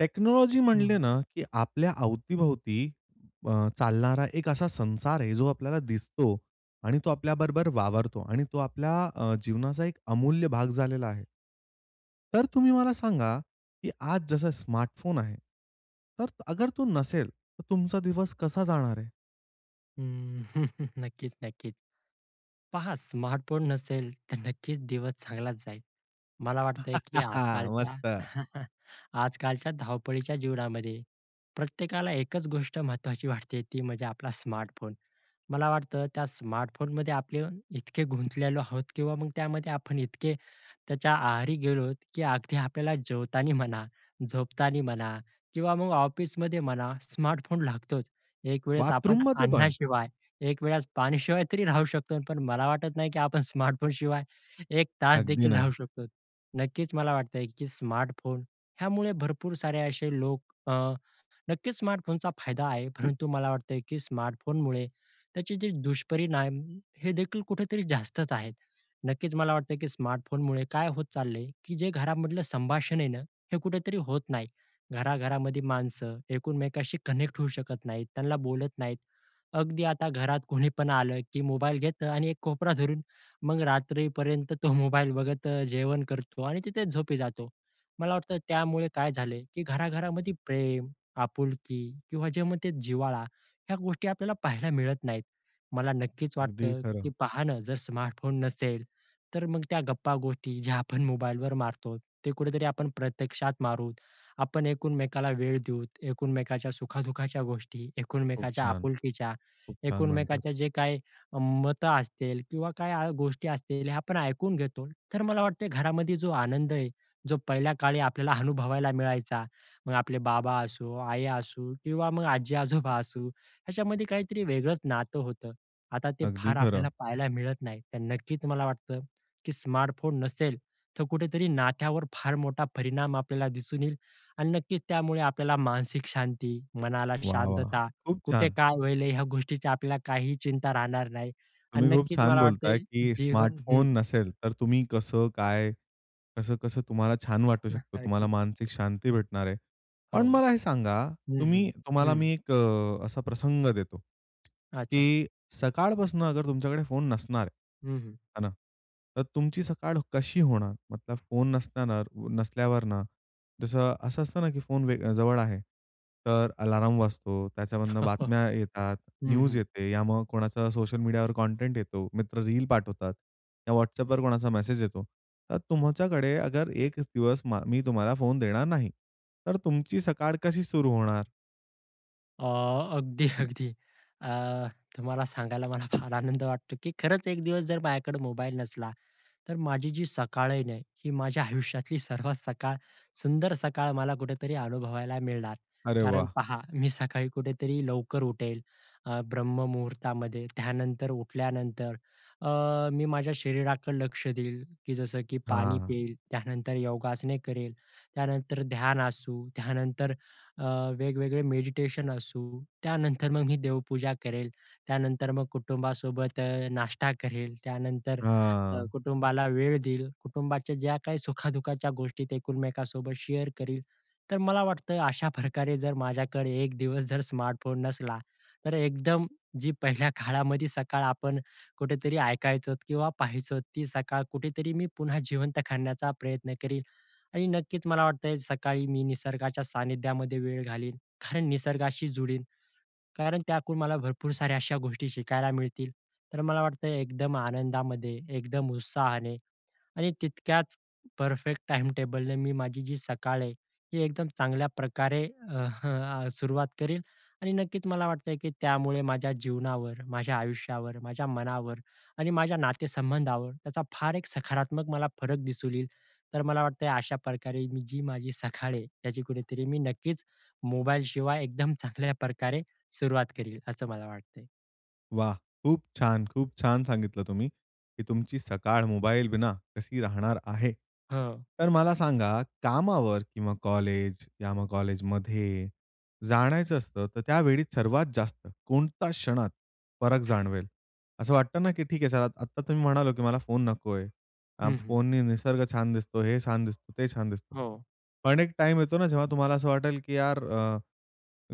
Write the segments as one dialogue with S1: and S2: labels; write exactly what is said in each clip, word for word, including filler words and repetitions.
S1: Technology
S2: हं.
S1: म्हणले ना की आपल्या अवती-भोवती अ, चालणारा एक असा संसार आहे जो आपल्याला दिसतो. आणि तो आपल्याबरोबर वावरतो आणि तो आपल्या अ, जीवनाचा एक अमूल्य भाग झालेला आहे. तर तुम्ही मला सांगा. की आज जसं स्मार्टफोन आहे, तर अगर तो नसेल, तर तुमचा दिवस कसा जाणार?
S2: हम्म. नक्कीच, नक्कीच. पहा स्मार्टफोन नसेल तर नक्कीच दिवस चांगलाच जाईल. मला वाटतंय की आजकालच्या,
S1: मस्त.
S2: आजकालच्या धावपळीच्या जीवनामध्ये, प्रत्येकाला एकच गोष्ट महत्त्वाची वाटते ती म्हणजे आपला स्मार्टफोन. मला वाटतं त्या स्मार्टफोनमध्ये आपले इतके, गुंतलेलो आहोत किंवा मग त्यामध्ये आपण इतके त्याच्या आहारी गेलोत, की अगदी आपल्याला जेवतांनी म्हणा, झोपतांनी म्हणा किंवा मग ऑफिसमध्ये म्हणा स्मार्टफोन लागतोच. एक वेळेस आपण
S1: बाथरूममध्ये पण?
S2: अन्नाशिवाय, एकवेळेस पाणीशिवाय तरी राहू शकतो. पण मला वाटत नाही की आपण स्मार्टफोनशिवाय एक तास
S1: अगदी
S2: देखील राहू
S1: नाही.
S2: शकतो. नक्कीच मला वाटतंय की स्मार्टफोन ह्यामुळे भरपूर सारे असे लोक अ, नक्कीच. स्मार्टफोनचा फायदा आहे. परंतु मला वाटतं की स्मार्टफोनमुळे, त्याचे जे दुष्परिणाम हे देखील कुठेतरी जास्तच आहेत. नक्कीच मला वाटतं की स्मार्टफोनमुळे काय होत चाललंय, की जे घरामधलं संभाषण आहे ना, हे कुठेतरी होत नाही. घराघरामध्ये माणसं एकूनमेकाशी कनेक्ट होऊ शकत नाहीत, त्यांना बोलत नाहीत. अगदी आता घरात कोणीपण आलं की मोबाईल घेतं आणि एक कोपरा धरून मग रात्रीपर्यंत तो मोबाईल बघत अ, जेवण करतो आणि तिथे झोपी जातो. मला वाटतं त्यामुळे काय झालं की घरा-घरामध्ये प्रेम, आपुलकी किंवा जे मग ते जिव्हाळा ह्या गोष्टी आपल्याला पाहायला मिळत नाहीत. मला नक्कीच
S1: अगदी
S2: वाटतं की
S1: खरं.
S2: पहा न जर स्मार्टफोन नसेल, तर मग त्या गप्पा-गोष्टी, ज्या आपण मोबाईलवर मारतोत, ते कुठेतरी आपण प्रत्यक्षात मारू. आपण एकूनमेकाला वेळ देऊ, एकूनमेकाच्या सुखा-दु:खाच्या गोष्टी,
S1: खूप
S2: एकूनमेकाच्या
S1: छान,
S2: आपुलकीच्या,
S1: खूप छान म्हणतात.
S2: एकूनमेकाच्या जे काही मतं असतील किंवा काय आ गोष्टी असतील हे आपण ऐकून घेतो, तर मला वाटते घरामध्ये जो आनंद आहे, जो पहिल्या काळी आपल्याला अनुभवायला मिळायचा. मग आपले बाबा असो, आई असू किंवा मग आजी-आजोबा असू याच्यामध्ये काहीतरी वेगळंच नातं होतं. आता ते
S1: अगदी
S2: फार
S1: खरं.
S2: आपल्याला पाहायला मिळत नाही. तर नक्कीच मला वाटतं, की स्मार्टफोन नसेल, तर कुठेतरी नात्यावर फार मोठा परिणाम आपल्याला दिसून येईल. आणि नक्कीच त्यामुळे आपल्याला मानसिक शांती, मनाला
S1: वाह, वाह!
S2: शांतता,
S1: खूप
S2: कुठे
S1: छान.
S2: काय होईल? ह्या गोष्टीची आपल्याला काहीही चिंता राहणार नाही. आणि
S1: तुम्ही खूप
S2: नक्कीच
S1: छान
S2: मला वाटते
S1: बोलताय की
S2: जीवन हं
S1: स्मार्टफोन नसेल तर तुम्ही कसं काय? कसं-कसं तुम्हाला छान वाटू शकतं, तुम्हाला
S2: अगदी.
S1: मानसिक शांती भेटणार आहे.
S2: हो.
S1: पण मला हे सांगा
S2: हं, हं,
S1: तुम्ही तुम्हाला
S2: हं.
S1: मी एक अ, असा प्रसंग देतो
S2: अच्छा.
S1: की सकाळपासून तुमच्याकडे फोन नसणार.
S2: हं, हं.
S1: हां ना? तर तुमची सकाळ कशी होणार? मतलब फोन नसताना, नसल्यावरनं, जसं असं असतं ना, की फोन वे जवळ आहे, तर अलार्म वाजतो, त्याच्यामधून बातम्या येतात,
S2: हं,
S1: न्यूज
S2: हं.
S1: येते, या मग कोणाचा सोशल मीडियावर कंटेंट येतो, मित्र रील पाठवतात. या WhatsAppवर कोणाचा मेसेज येतो. तर तुमच्याकडे अगर एकच दिवस, मग मी तुम्हाला फोन देणार नाही. तर तुमची सकाळ कशी सुरू होणार?
S2: अ, अगदी, अगदी. अ, तुम्हाला सांगायला मला फार आनंद वाटतो की खरंच एक दिवस जर माझ्याकडं मोबाईल नसला तर माझी जी सकाळ आहे ना, ही माझ्या आयुष्यातली सर्वात सकाळ, सुंदर सकाळ मला कुठेतरी अनुभवायला मिळणार.
S1: अरे
S2: कारण
S1: वाह!
S2: पहा, मी सकाळी कुठेतरी लवकर उठेल, अ, ब्रह्ममुहूर्तामध्ये त्यानंतर उठल्यानंतर अ, मी माझ्या शरीराकडे लक्ष देईल की जसं की पाणी
S1: हां.
S2: पिईल, त्यानंतर योगासने करेल, त्यानंतर ध्यान असू, त्यानंतर अ, वेगवेगळे मेडिटेशन असू, त्यानंतर मग मी देवपूजा करेल, त्यानंतर मग कुटुंबासोबत अ, नाष्टा करेल, त्यानंतर अ,
S1: हां.
S2: कुटुंबाला वेळ देईल, कुटुंबाच्या ज्या काही सुखा-दुखाच्या गोष्टी ते एकमेकांसोबत शेअर करील. तर मला वाटतं अशा प्रकारे जर माझ्याकडे एक दिवस जर स्मार्टफोन नसला, तर एकदम जी पहिल्या काळामध्ये सकाळ आपण कुठेतरी ऐकायचो किंवा पाहायचो, ती सकाळ कुठेतरी मी पुन्हा जिवंत करण्याचा प्रयत्न करील. आणि नक्कीच मला वाटतं सकाळी मी निसर्गाच्या सान्निध्यामध्ये वेळ घालीन, कारण निसर्गाशी जुळीन, कारण त्याकडून मला भरपूर साऱ्या अशा गोष्टी शिकायला मिळतील. तर मला वाटतं एकदम आनंदामध्ये, एकदम उत्साहाने आणि तितक्याच परफेक्ट टाइमटेबलनं मी माझी जी सकाळ आहे, ती एकदम चांगल्या प्रकारे अह आ, सुरुवात करीन आणि नक्कीच मला वाटतं आहे की त्यामुळे माझ्या जीवनावर, माझ्या आयुष्यावर, माझ्या मनावर आणि माझ्या नातेसंबंधावर त्याचा फार एक सखारात्मक मला फरक दिसून येईल. तर मला वाटतंय अशा प्रकारे मी जी माझी सकाळ आहे त्याची कुठेतरी मी नक्कीच मोबाईलशिवाय एकदम चांगल्या प्रकारे सुरुवात करील, असं मला वाटतंय.
S1: वाह! खूप छान, खूप छान सांगितलं तुम्ही की तुमची सकाळ मोबाईलविना कशी राहणार आहे.
S2: हां.
S1: तर मला सांगा, कामावर किंवा कॉलेज किंवा कॉलेजमध्ये जाणायचं असतं, तर त्यावेळी सर्वात जास्त कोणत्या क्षणात फरक जाणवेल. असं वाटतं ना की ठीक आहे सर, आता तुम्ही म्हणालात की मला फोन नकोय.
S2: हं, हं.
S1: फोननी निसर्ग छान दिसतो, हे छान दिसतो, ते छान दिसतो.
S2: हो.
S1: पण एक टाइम येतो ना, जेव्हा तुम्हाला असं वाटेल की यार, अ,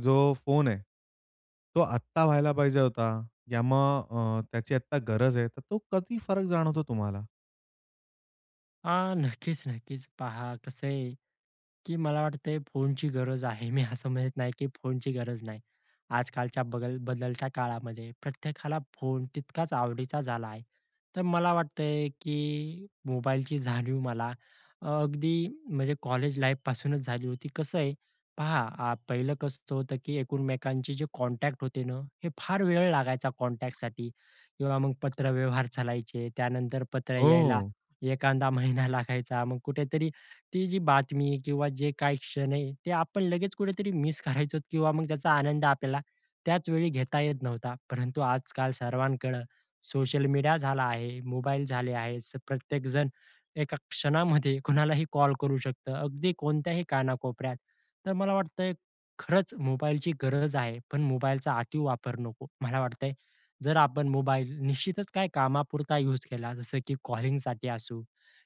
S1: जो फोन आहे, तो आत्ता व्हायला पाहिजे होता, या मग अ, त्याची आता गरज आहे, तर तो कधी फरक जाणवतो तुम्हाला?
S2: अह, नक्कीच-नक्कीच, पहा कसं आहे की मला वाटतंय फोनची गरज आहे. मी असं म्हणत नाही की फोनची गरज नाही. आजकालच्या बगल बदलत्या काळामध्ये प्रत्येकाला फोन तितकाच आवडीचा झाला आहे. तर मला वाटतंय की मोबाईलची जाणीव मला अगदी म्हणजे कॉलेज-लाईफपासूनच झाली होती. कसं आहे पहा, अ, पहिलं कसं होतं की एकमेकांचे जे कॉन्टॅक्ट होते ना, हे फार वेळ लागायचा कॉन्टॅक्टसाठी किंवा मग पत्रव्यवहार चालायचे. त्यानंतर पत्र यायला
S1: हो.
S2: एखादा महिना लागायचा. मग कुठेतरी ती जी बातमी किंवा जे काही क्षण आहे, ते आपण लगेच कुठेतरी मिस करायचो किंवा मग त्याचा आनंद आपल्याला त्याच वेळी घेता येत नव्हता. परंतु आजकाल सर्वांकडे सोशल मीडिया झाला आहे, मोबाईल झाले आहेत. प्रत्येक जण एका क्षणामध्ये कुणालाही कॉल करू शकतं, अगदी कोणत्याही कानाकोपऱ्यात. तर मला वाटतंय खरंच मोबाईलची गरज आहे, पण मोबाईलचा अति वापर नको. मला वाटतंय जर आपण मोबाईल निश्चितच काही कामापुरता युज केला, जसं की कॉलिंगसाठी असो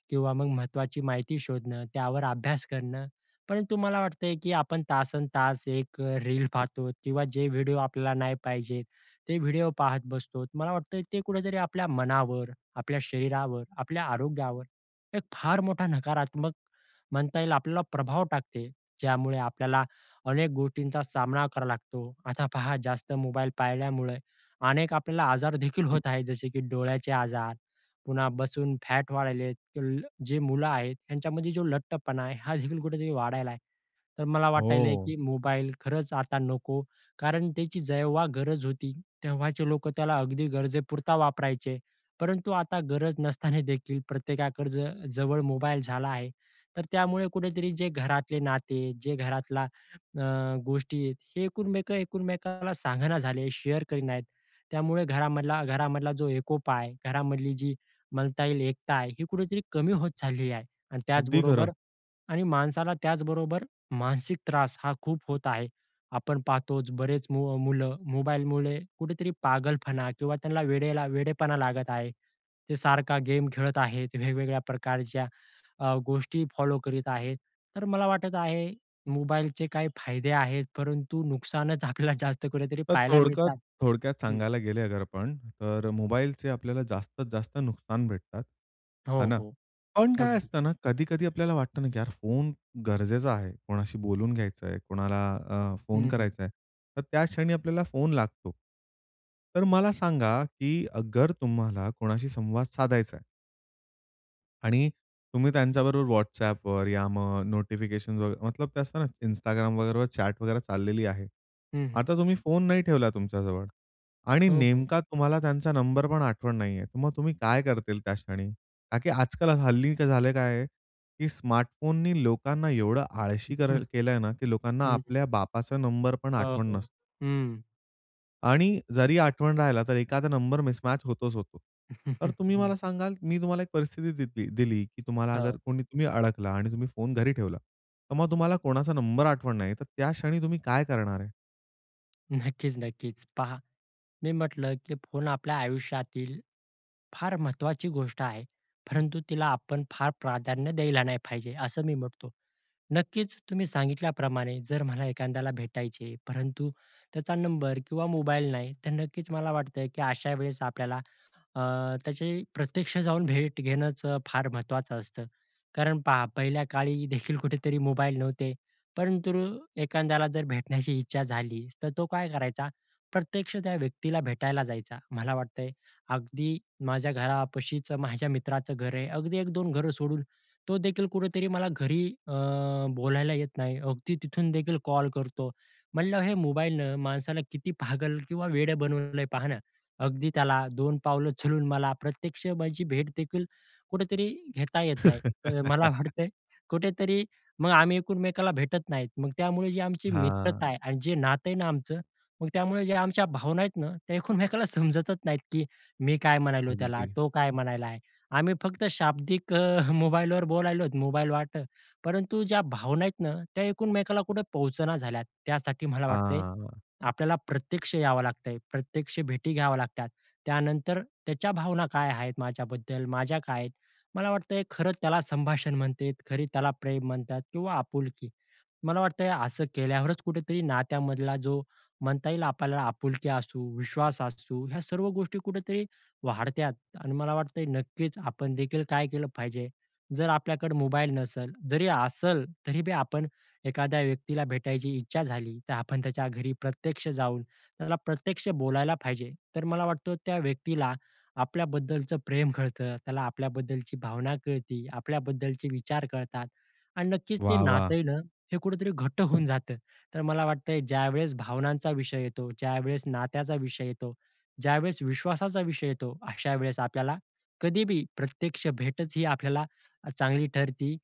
S2: किंवा मग महत्त्वाची माहिती शोधणं, त्यावर अभ्यास करणं. परंतु मला वाटतंय की आपण तासंतास एक रील पाहतो किंवा जे व्हिडिओ आपल्याला नाही पाहिजेत, ते व्हिडिओ पाहत बसतो. मला वाटतं ते कुठेतरी आपल्या मनावर, आपल्या शरीरावर, आपल्या आरोग्यावर एक फार मोठा नकारात्मक म्हणता येईल, आपल्याला प्रभाव टाकते, ज्यामुळे आपल्याला अनेक गोष्टींचा सामना करावा लागतो. आता पहा, जास्त मोबाईल पाळल्यामुळे अनेक आपल्याला आजार देखील होत आहेत, जसे की डोळ्यांचे आजार, पुन्हा बसून फॅट वाढायलेत. तुल्ल जे मुलं आहेत, यांच्यामध्ये जो लठ्ठपणा आहे, हा देखील कुठेतरी वाढत आहे. तर मला वाटायल
S1: हो.
S2: की मोबाईल खरंच आता नको, कारण त्याची जेव्हा गरज होती, तेव्हाचे लोक त्याला अगदी गरजेपुरता वापरायचे. परंतु आता गरज नसताना देखील प्रत्येकाकडे ज जवळ मोबाईल झाला आहे. तर त्यामुळे कुठेतरी जे घरातले नाते, जे घरातलला अ, गोष्टी, हे एकुमेकांना सांगेना झालेत, शेअर करत नाहीत. त्यामुळे घरामधला घरामधला जो एकोपा आहे घरामधली जी म्हणता येईल एकता आहे, ही कुठेतरी कमी होत चाललेली आहे. आणि
S1: अगदी खरं.
S2: त्याचबरोबर आणि माणसाला त्याचबरोबर मानसिक त्रास हा खूप होत आहे. आपण पाहतोच, बरेच मुलं मोबाईलमुळे कुठेतरी पागलपणा किंवा त्यांना वेडेला वेडेपणा लागत आहे. ते सारखा गेम खेळत आहेत, वेगवेगळ्या प्रकारच्या अ, गोष्टी फॉलो करीत आहेत. तर मला वाटत आहे, मोबाईलचे काही फायदे आहेत, परंतु नुकसानच आपल्याला जास्त कुठेतरी
S1: तर
S2: पाहायला
S1: थोडकत
S2: मिळतात
S1: थोडक्यात
S2: हं.
S1: सांगायला गेले अगर आपण तर मोबाईलचे आपल्याला जास्तीत जास्त नुकसान भेटतात, हे
S2: हो,
S1: ना?
S2: हो.
S1: पण काय
S2: अगदी.
S1: असतं ना, कधी-कधी आपल्याला वाटतं ना की यार, फोन गरजेचा आहे, कोणाशी बोलून घ्यायचंय, कोणाला अ, फोन
S2: हं, हं.
S1: करायचा आहे, तर त्या क्षणी आपल्याला फोन लागतो. तर मला सांगा की अगर तुम्हाला कोणाशी संवाद साधायचाय? आणि तुम्ही त्यांच्याबरोबर WhatsAppवर, या मग नोटिफिकेशन वगैरे मतलब ते असतं ना, Instagram वगैरे चॅट वगैरे चाललेली आहे.
S2: हं, हं.
S1: आता तुम्ही फोन नाही ठेवला तुमच्याजवळ आणि
S2: हो, हो.
S1: नेमका तुम्हाला त्यांचा नंबर पण आठवण नाहीयेत. तर मग तुम्ही काय करतील त्या क्षणी? का की आजकाल हल्ली काय झालेलं आहे, की स्मार्टफोननी लोकांना एवढं आळशी करं
S2: हं,
S1: केलंय ना, की लोकांना
S2: हं.
S1: आपल्या बापाचा नंबर पण
S2: अ,
S1: आठवण
S2: हो,
S1: नस
S2: हं.
S1: आणि जरी आठवण राहिला, तर एखादा नंबर मिसमॅच होतोच होतो. तर तुम्ही
S2: न
S1: मला सांगाल, मी तुम्हाला एक परिस्थिती देती दिली, की तुम्हाला अगर
S2: हो.
S1: कोणी तुम्ही अडकला आणि तुम्ही फोन घरी ठेवला. तर मग तुम्हाला कोणाचा नंबर आठवण नाही. तर त्या क्षणी तुम्ही काय करणार?
S2: नक्कीच नक्कीच. पहा, मी म्हटलं की फोन आपल्या आयुष्यातील फार महत्त्वाची गोष्ट आहे. परंतु तिला आपण फार प्राधान्य द्यायला नाही पाहिजे, असं मी म्हटतो. नक्कीच तुम्ही सांगितल्याप्रमाणे, जर मला एखाद्याला भेटायचे, परंतु त्याचा नंबर किंवा मोबाईल नाही. तर नक्कीच मला वाटतं, की अशा वेळेस आपल्याला अ, त्याचे प्रत्यक्ष जाऊन भेट घेणंच अ, फार महत्त्वाचं असतं. कारण पहा, पहिल्या काळीदेखील कुठेतरी मोबाईल नव्हते. परंतु एखाद्याला जर भेटण्याची इच्छा झालीच तर तो काय करायचा, प्रत्यक्ष त्या व्यक्तीला भेटायला जायचा. मला वाटतंय, अगदी माझ्या घरापाशीचं माझ्या मित्राचं घर आहे. अगदी एक दोन घरं सोडून. तोदेखील कुठेतरी मला घरी अ, बोलायला येत नाही. अगदी तिथून देखील कॉल करतो. म्हणलं, हे मोबाईलनं माणसाला किती पागल किंवा वेडं बनवलय पाहा ना. अगदी त्याला दोन पावलं चालून मला प्रत्यक्ष माझी भेटदेखील कुठेतरी घेता येत नाही. तर मला वाटत कुठेतरी मग आम्ही एकुनमेकाला भेटत नाहीत. मग त्यामुळे जे आमची
S1: हां.
S2: मित्रता आहे आणि जे नातं आहे ना आमचं, मग त्यामुळे ज्या आमच्या भावना आहेत ना, त्या एकुनमेकाला समजतच नाहीत, की मी काय म्हणालो त्याला?
S1: अगदी.
S2: तो काय म्हणायलाय? आम्ही फक्त शाब्दिक मोबाईलवर बोलायलोत, मोबाईल वाटं परंतु ज्या भावना आहेत ना, त्या एकुनमेकाला कुठे पोहोचण्या झाल्यात. त्यासाठी मला वाटतंय
S1: आह.
S2: आपल्याला प्रत्यक्ष यावं लागत आहे. प्रत्यक्ष भेटी घ्याव्या लागतात. त्यानंतर त्याच्या भावना काय आहेत माझ्याबद्दल? माझ्या काय आहेत? मला वाटत आहे, खरं त्याला संभाषण म्हणतेत. खरी त्याला प्रेम म्हणतात किंवा आपुलकी. मला वाटतंय असं केल्यावरच कुठेतरी नात्यामधला जो म्हणता येईल आपल् आपुलकी असू, विश्वास असू ह्या सर्व गोष्टी कुठेतरी वाढतात. आणि मला वाटतं आहे, नक्कीच आपणदेखील काय केलं पाहिजे. जर आपल्याकडे मोबाईल नसल, जरी असल, तरी बी आपण एखाद्या व्यक्तीला भेटायची इच्छा झाली, तर आपण त्याच्या घरी प्रत्यक्ष जाऊन, त्याला प्रत्यक्ष बोलायला पाहिजे. तर मला वाटतं त्या व्यक्तीला आपल्याबद्दलचं प्रेम कळतं. त्याला आपल्याबद्दलची भावना कळती. आपल्याबद्दलचे विचार कळतात आणि नक्कीच ते
S1: वाह,
S2: नातं
S1: वाह!
S2: आहे ना, हे कुठेतरी घट्ट होऊन जातं. तर मला वाटत आहे, ज्यावेळेस भावनांचा विषय येतो, ज्यावेळेस नात्याचा विषय येतो, ज्यावेळेस विश्वासाचा विषय येतो अशा वेळेस आपल्याला, कधी बी प्रत्यक्ष भेटच ही आपल्याला अ, चांगली ठरती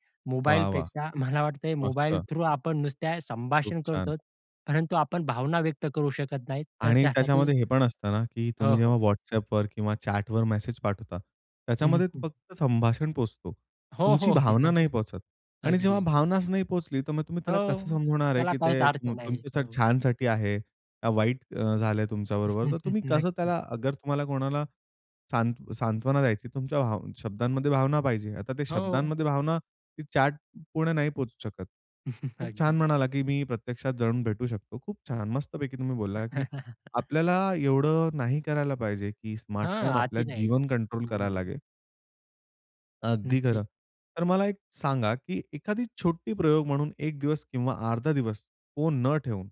S1: वाह वाह!
S2: मोबाईलपेक्षा. मला वाटतं मोबाईल
S1: मस्त.
S2: थ्रू आपण नुसत्या
S1: खूप
S2: संभाषण
S1: छान.
S2: करतोच. परंतु आपण भावना व्यक्त करू शकत नाहीत. तर
S1: आणि
S2: त्यासाठी
S1: त्याच्यामध्ये हे पण असतं ना, की
S2: हो,
S1: तुम्ही
S2: हो.
S1: जेव्हा WhatsAppवर किंवा चॅटवर मेसेज पाठवता.
S2: हं,
S1: त्याच्यामध्ये
S2: हं.
S1: फक्त संभाषण पोहचतो.
S2: हो, हो.
S1: तुमची
S2: अगदी,
S1: भावना नाही
S2: अगदी.
S1: पोहचत आणि जेव्हा
S2: अगदी.
S1: भावनाच नाही पोहोचली, तर मग तुम्ही त्याला कसं
S2: हो,
S1: समजवणार आहे?
S2: त्याला
S1: की
S2: काहीच
S1: ते
S2: अर्थ नाही.
S1: तुमच्या
S2: हो.
S1: छानसाठी आहे, का वाईट अ, झालं तुमच्याबरोबर? तर तुम्ही कसं
S2: नक्की.
S1: त्याला अगर तुम्हाला कोणाला सांत सांत्वना द्यायची. तुमच्या भा शब्दांमध्ये भावना पाहिजे. आता त्या
S2: हो.
S1: शब्दांमध्ये भावना ती चॅट पुर्ण नाही पोहचू शकत. खूप छान
S2: अगदी.
S1: म्हणाला, की मी प्रत्यक्षात जाऊन भेटू शकतो. खूप छान. मस्तपैकी तुम्ही बोलला, की आपल्याला एवढं नाही करायला पाहिजे की
S2: हां,
S1: स्मार्टफोन आपल्या
S2: आति नाही
S1: जीवन कंट्रोल करायला
S2: हं.
S1: लागेल. अगदी
S2: नक्कीच.
S1: खरं तर मला एक सांगा, की एखादी छोटी प्रयोग म्हणून एक दिवस किंवा अर्धा दिवस फोन न ठेवून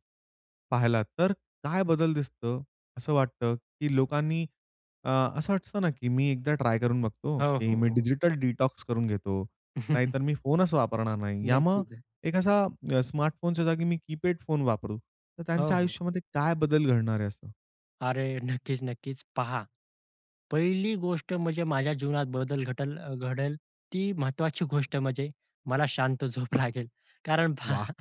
S1: पाहिलात तर काय बदल दिसत असं वाटतं, की लोकांनी अ, असं वाटतं ना, की मी एकदा ट्राय करून बघतो,
S2: हो,
S1: की
S2: हो,
S1: मी
S2: हो.
S1: डिजिटल डिटॉक्स करून घेतो. नाहीतर मी फोनच वापरणार नाही याम
S2: नक्कीच
S1: एक असा स्मार्टफोनच्या जागी मी कीपॅड फोन वापरू, तर
S2: हो,
S1: त्यांच्या
S2: हो.
S1: आयुष्यामध्ये काय बदल घडणार आहे असं?
S2: अरे! नक्कीच, नक्कीच. पहा, पहिली गोष्ट म्हणजे माझ्या जीवनात बदल घटल घडेल ती महत्त्वाची गोष्ट म्हणजे मला शांत झोप लागेल. कारण
S1: वाह!
S2: पहा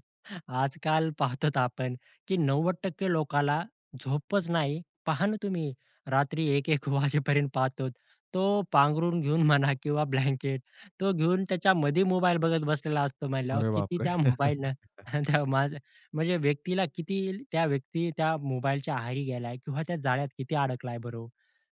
S2: आज-काल पाहतोत आपण, की नव्वद टक्के लोकाला झोपच नाही. पहा ना, तुम्ही रात्री एक एक वाजेपर्यंत पाहतो तो पांघरून घेऊन म्हणा किंवा ब्लँकेट तो घेऊन त्याच्यामध्ये मोबाईल बघत बसलेला असतो म्हंटल्यावर
S1: अरे
S2: किती
S1: बापरे!
S2: त्या मोबाईलनं माझ म्हणजे व्यक्तीला, किती त्या व्यक्ती त्या मोबाईलच्या आहारी गेला किंवा त्या जाळ्यात किती अडकलाय बरं हो.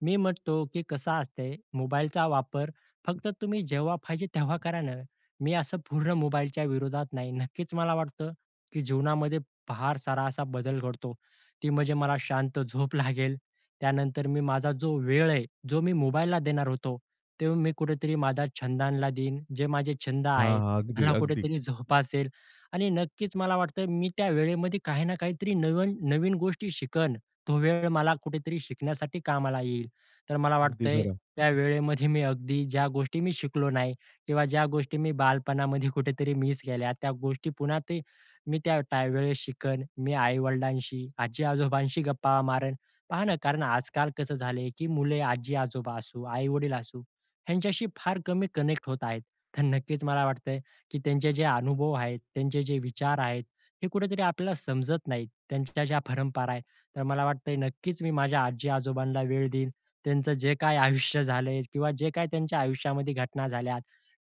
S2: मी म्हणतो, की कसं असते मोबाईलचा वापर फक्त तुम्ही जेव्हा पाहिजे तेव्हा करा ना. मी असं पूर्ण मोबाईलच्या विरोधात नाही. नक्कीच मला वाटतं, की जीवनामध्ये फार सारा असा बदल घडतो. ती म्हणजे मला शांत झोप लागेल. त्यानंतर मी माझा जो वेळ आहे, जो मी मोबाईलला देणार होतो, तेव्हा मी कुठेतरी माझा छंदला देईन. जे माझे छंद
S1: हां,
S2: आहेत
S1: हां, अगदी,
S2: ह्याला
S1: अगदी.
S2: कुठेतरी जोपासेल आणि नक्कीच मला वाटतं मी त्या वेळेमध्ये काही ना काहीतरी नवीन-नवीन गोष्टी शिकन. तो वेळ मला कुठेतरी शिकण्यासाठी कामाला येईल. तर मला
S1: अगदी
S2: वाटतंय,
S1: खरं.
S2: त्या वेळेमध्ये मी अगदी ज्या गोष्टी मी शिकलो नाही किंवा ज्या गोष्टी मी बालपणामध्ये कुठेतरी मिस केल्या त्या गोष्टी पुन्हा ते मी त्या त्यावेळेस शिकन. मी आई-वडिलांशी, आजी-आजोबांशी गप्पा मारेन. पहा ना, कारण आज-काल कसं झालंय, की मुले आजी-आजोबा असू, आई-वडील असू, ह्यांच्याशी फार कमी मी कनेक्ट होत आहेत. तर नक्कीच मला वाटतंय, की त्यांचे जे अनुभव आहेत, त्यांचे जे विचार आहेत हे कुठेतरी आपल्याला समजत नाहीत. त्यांच्या ज्या परंपरा आहेत. तर मला वाटतंय नक्कीच मी माझ्या आजी-आजोबांना वेळ देईन. त्यांचं जे काही आयुष्य झाले किंवा जे काही त्यांच्या आयुष्यामध्ये घटना झाल्या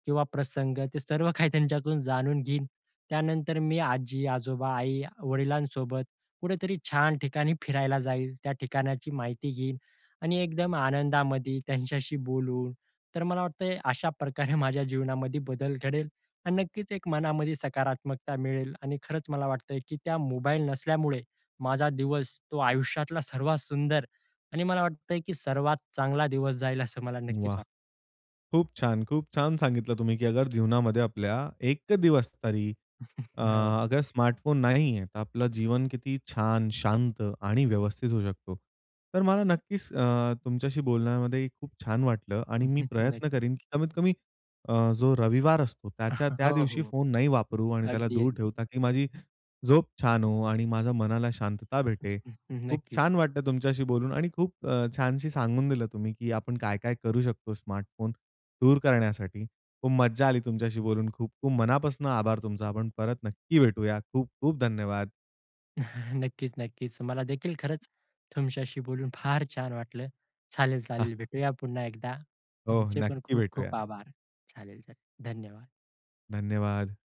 S2: किंवा प्रसंग ते सर्व काही त्यांच्यातून जाणून घेईन. त्यानंतर मी आजी-आजोबा, आई-वडिलांसोबत कुठेतरी छान ठिकाणी फिरायला जाईल. त्या ठिकाणाची माहिती घेईन आणि एकदम आनंदामध्ये त्यांच्याशी बोलू. तर मला वाटतंय अशा प्रकारे माझ्या जीवनामध्ये बदल घडेल आणि नक्कीच एक मनामध्ये सकारात्मकता मिळेल. आणि खरंच मला वाटतंय, की त्या मोबाईल नसल्यामुळे माझा दिवस तो आयुष्यातला सर्वात सुंदर आणि मला वाटतंय, की सर्वात चांगला दिवस जाईल असं मला नक्कीच
S1: वाह!
S2: वाटतं.
S1: खूप छान खूप छान सांगितलं तुम्ही, की अगर जीवनामध्ये आपल्या एक दिवस तरी अ,
S2: हो.
S1: अगर स्मार्टफोन नाहीये. तर आपलं जीवन किती छान, शांत आणि व्यवस्थित होऊ शकतो. तर मला नक्कीच अ, तुमच्याशी बोलण्यामध्ये खूप छान वाटलं आणि मी प्रयत्न
S2: नक्की.
S1: करीन, की कमीत कमी अ, जो रविवार असतो त्याच्या त्या
S2: हो,
S1: दिवशी
S2: हो,
S1: फोन नाही वापरू आणि त्याला दूर
S2: अगदी-अगदी.
S1: ठेवता, की माझी झोप छान हो आणि माझ्या मनाला शांतता भेटे. खूप
S2: नक्कीच.
S1: छान वाटतं तुमच्याशी बोलून आणि खूप छानशी सांगून दिलं तुम्ही, की आपण काय काय करू शकतो? स्मार्टफोन दूर करण्यासाठी. खूप मज्जा आली तुमच्याशी बोलून, खूप-खूप मनापासून आभार तुमचा आपण परत नक्की भेटूया. खूप-खूप धन्यवाद.
S2: नक्कीच-नक्कीच. मला देखील खरंच तुमच्याशी बोलून फार छान वाटलं. चालेल-चालेल भेटूया पुन्हा एकदा.
S1: हो,
S2: तुमचे पण
S1: नक्की
S2: खूप-खूप
S1: भेटूया.
S2: आभार. चालेल-चालेल धन्यवाद.
S1: धन्यवाद.